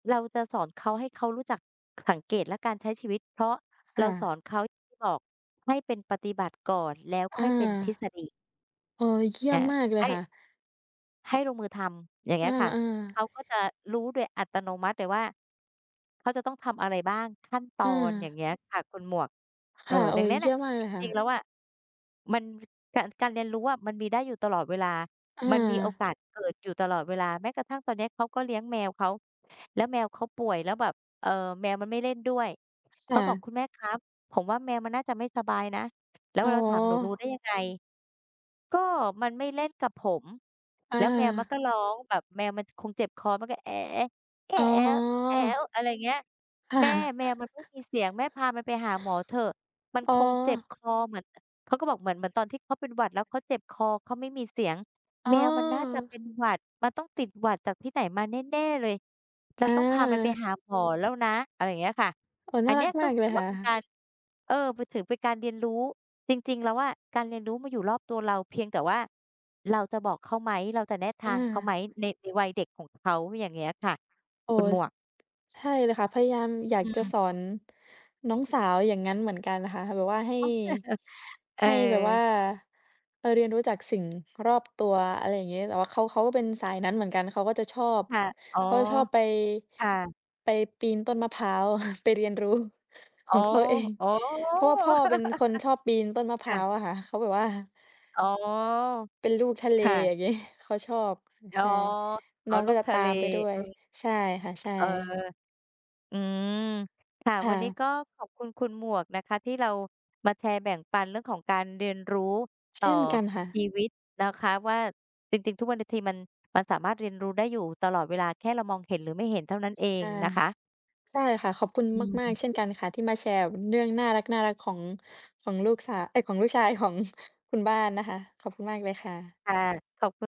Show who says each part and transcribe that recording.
Speaker 1: เราจะสอนเขาให้เขารู้จัก ค สังเกตและการใช้ชีวิต เพราะ
Speaker 2: ค
Speaker 1: เร
Speaker 2: ่
Speaker 1: าส
Speaker 2: ะ
Speaker 1: อนเขา บอก ให้เป็นปฏิบัติก่อน แล้ว
Speaker 2: เอ
Speaker 1: ค่
Speaker 2: อ
Speaker 1: อยเป็นทฤษฎี
Speaker 2: เออ เคี่
Speaker 1: อ
Speaker 2: ย
Speaker 1: ่
Speaker 2: ม
Speaker 1: า
Speaker 2: มากเล
Speaker 1: ให
Speaker 2: ย
Speaker 1: ้
Speaker 2: ค่ะ
Speaker 1: ให้ลงมือทำ อย่างเง
Speaker 2: เอ
Speaker 1: ี้ยค่ะ
Speaker 2: อ
Speaker 1: เข
Speaker 2: ๆ
Speaker 1: าก็จะรู้โดยอัตโนมัติเลยว่า เขาจะต้องทำอะไรบ้าง ขั้นตอน อย่า
Speaker 2: เออ
Speaker 1: งเงี้ยค่ะคุณหมวก เ
Speaker 2: ค
Speaker 1: ออ
Speaker 2: ่ะ โอ้
Speaker 1: ดังนั้น
Speaker 2: เย
Speaker 1: น
Speaker 2: ี
Speaker 1: ่
Speaker 2: ่
Speaker 1: ะ
Speaker 2: ยมมาก
Speaker 1: จ
Speaker 2: เลยค่
Speaker 1: ริง
Speaker 2: ะ
Speaker 1: ๆ แล้วอะ มัน ฟ การ การเรียนรู้อะ มันมีได้อยู่ตลอดเวลา
Speaker 2: อ
Speaker 1: มันมีโอ
Speaker 2: า
Speaker 1: กาสเกิดอยู่ตลอดเวลา แม้กระทั่งตอนเนี้ยเขาก็เลี้ยงแมวเขา แล้วแมวเขาป่วยแล้วแบบ เอ่อ แมวมันไม่เล่นด้วย เ
Speaker 2: ค
Speaker 1: ข
Speaker 2: ่
Speaker 1: าบอก
Speaker 2: ะ
Speaker 1: "คุณแม่ครับ ผมว่าแมวมันน่าจะไม่สบายนะ" แล้ว
Speaker 2: อ๋อ
Speaker 1: เราถาม "หนูรู้ได้ยังไง?'ก็มันไม่เล่นกับผม
Speaker 2: อ
Speaker 1: แล้วแมวมัน
Speaker 2: า
Speaker 1: ก็ร้องแบบแมวมัน จ คงเจ็บคอ มันก็'"
Speaker 2: อ๋อ
Speaker 1: อะไรเงี้ย
Speaker 2: ค่
Speaker 1: "แม่
Speaker 2: ะ
Speaker 1: แมวมันไม่มีเสียง แม่พามันไปหาหมอเถอะ มัน
Speaker 2: อ๋
Speaker 1: ค
Speaker 2: อ
Speaker 1: งเจ็บคอ เหมือน" เอ่อ เขาก็บอก "เหมือน เหมือนตอนที่เขาเป็นหวัด แล้วเขาเจ็บคอ เขาไม่มีเสียง
Speaker 2: อ้
Speaker 1: แม
Speaker 2: อ
Speaker 1: วมันน่าจะเป็นหวัด มันต้องติดหวัดจากที่ไหนมาแน่ ๆ เลย เรา
Speaker 2: เ
Speaker 1: ต้องพามันไป
Speaker 2: ออ
Speaker 1: หาหมอแล้วนะ" อะไรอย่างเงี้ยค่ะ
Speaker 2: โอ้
Speaker 1: อ
Speaker 2: น
Speaker 1: ั
Speaker 2: ่า
Speaker 1: นเ
Speaker 2: ร
Speaker 1: นี
Speaker 2: ั
Speaker 1: ้
Speaker 2: ก
Speaker 1: ย ก
Speaker 2: ม
Speaker 1: ็
Speaker 2: ากเ
Speaker 1: ถ
Speaker 2: ล
Speaker 1: ื
Speaker 2: ย
Speaker 1: อว
Speaker 2: ค
Speaker 1: ่
Speaker 2: ่
Speaker 1: าเป็นก
Speaker 2: ะ
Speaker 1: าร เออ มันถือเป็นการเรียนรู้ จริง ๆ แล้วอะ การเรียนรู้มันอยู่รอบตัวเรา เพียงแต่ว่าเราจะบอกเขาไหม เราจะแนะทางเขาไห
Speaker 2: เออ
Speaker 1: ม ใน ในวัยเด็กของเขา อย่างเงี้ยค่ะ
Speaker 2: โอ้
Speaker 1: คุ
Speaker 2: โ
Speaker 1: ณ
Speaker 2: ฮ
Speaker 1: หม
Speaker 2: ซ
Speaker 1: วก
Speaker 2: ใช่เลยค่ะ พยายามอยา
Speaker 1: อื
Speaker 2: กจะ
Speaker 1: ม
Speaker 2: สอน น้องสาวอย่างงั้นเหมือนกันอะค่ะ แบบว่าให้
Speaker 1: เอ
Speaker 2: ให้แบบว่า
Speaker 1: อ
Speaker 2: ไปเรียนรู้จากสิ่งรอบตัว อะไรอย่างงี้ แบบว่าเขา เขาก็เป็นสายนั้นเหมือนกัน เขาก็จะชอบ
Speaker 1: ค่ะ อ๋อ
Speaker 2: เขาจะชอบไป
Speaker 1: ค่ะ
Speaker 2: ไปปีนต้นมะพร้าว ไปเรียนรู้
Speaker 1: อ
Speaker 2: ข
Speaker 1: ๋อ
Speaker 2: องเขาเอง
Speaker 1: อ๋อ
Speaker 2: เพราะว่าพ่อเป็นคนชอบปีนต้นมะพ
Speaker 1: ค
Speaker 2: ร้
Speaker 1: ่
Speaker 2: า
Speaker 1: ะ
Speaker 2: วอะค่ะ เขาแบบว่า
Speaker 1: อ๋อ
Speaker 2: เป็นลูกทะเล
Speaker 1: ค่ะ
Speaker 2: อย่างงี้ เขาชอบ อือ
Speaker 1: อ๋
Speaker 2: ใ
Speaker 1: อ
Speaker 2: ช่
Speaker 1: อ๋
Speaker 2: น้
Speaker 1: อ
Speaker 2: องก
Speaker 1: ลู
Speaker 2: ็
Speaker 1: ก
Speaker 2: จะ
Speaker 1: ท
Speaker 2: ต
Speaker 1: ะ
Speaker 2: า
Speaker 1: เล
Speaker 2: มไปด้ว
Speaker 1: อื
Speaker 2: ย
Speaker 1: ม
Speaker 2: ใช่ค่ะ ใช
Speaker 1: เออ
Speaker 2: ่
Speaker 1: อืม ค่ะ
Speaker 2: ค่
Speaker 1: วันนี้
Speaker 2: ะ
Speaker 1: ก็ขอบคุณคุณหมวกนะคะที่เรามาแชร์แบ่งปันเรื่องของการเรียนรู้
Speaker 2: เ
Speaker 1: ต
Speaker 2: ช
Speaker 1: ่อ
Speaker 2: ่นกันค่ะ
Speaker 1: ชีวิตนะคะว่า จริง ๆ ทุกวัน น ทีมัน มันสามารถเรียนรู้ได้อยู่ตลอดเวลา แค่เรามองเห็นหรือไม่เห็นเท่านั้นเอ
Speaker 2: ใช
Speaker 1: ง
Speaker 2: ่
Speaker 1: นะคะ
Speaker 2: ใช่ค่ะ ขอบคุณ
Speaker 1: อ
Speaker 2: มา
Speaker 1: ื
Speaker 2: ก
Speaker 1: ม
Speaker 2: ๆ เช่นกันค่ะ ที่มาแชร์ ว เนื่องน่ารัก ๆ ของ ของลูกสาว เอ๊ย! ของลูกชาย ของ คุณบ้านนะคะ ขอบคุณมากเลยค่ะ
Speaker 1: ค่ะ ขอบคุณ